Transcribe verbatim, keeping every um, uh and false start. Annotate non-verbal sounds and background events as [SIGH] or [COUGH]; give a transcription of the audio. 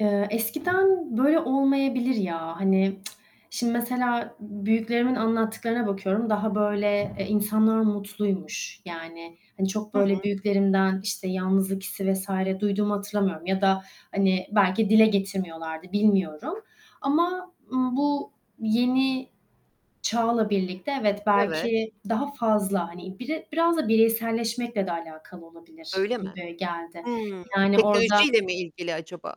Eee, eskiden böyle olmayabilir, ya, hani, [TSK] şimdi mesela b büyüklerimin anlattıklarına bakıyorum. Daha böyle, eee, insanlar mutluymuş yani, hani, çok Hı böyle hı. büyüklerimden, işte, yalnızlık hissi vs. duyduğumu hatırlamıyorum ya da, hani, belki dile getirmiyorlardı, bilmiyorum ama, ımm, bu yeni çağla birlikte evet, Evet. belki daha fazla hani bire, biraz da bireyselleşmekle de alakalı olabilir Öyle mi? gibi geldi Hımm, yani orada teknolojiyle mi ilgili acaba?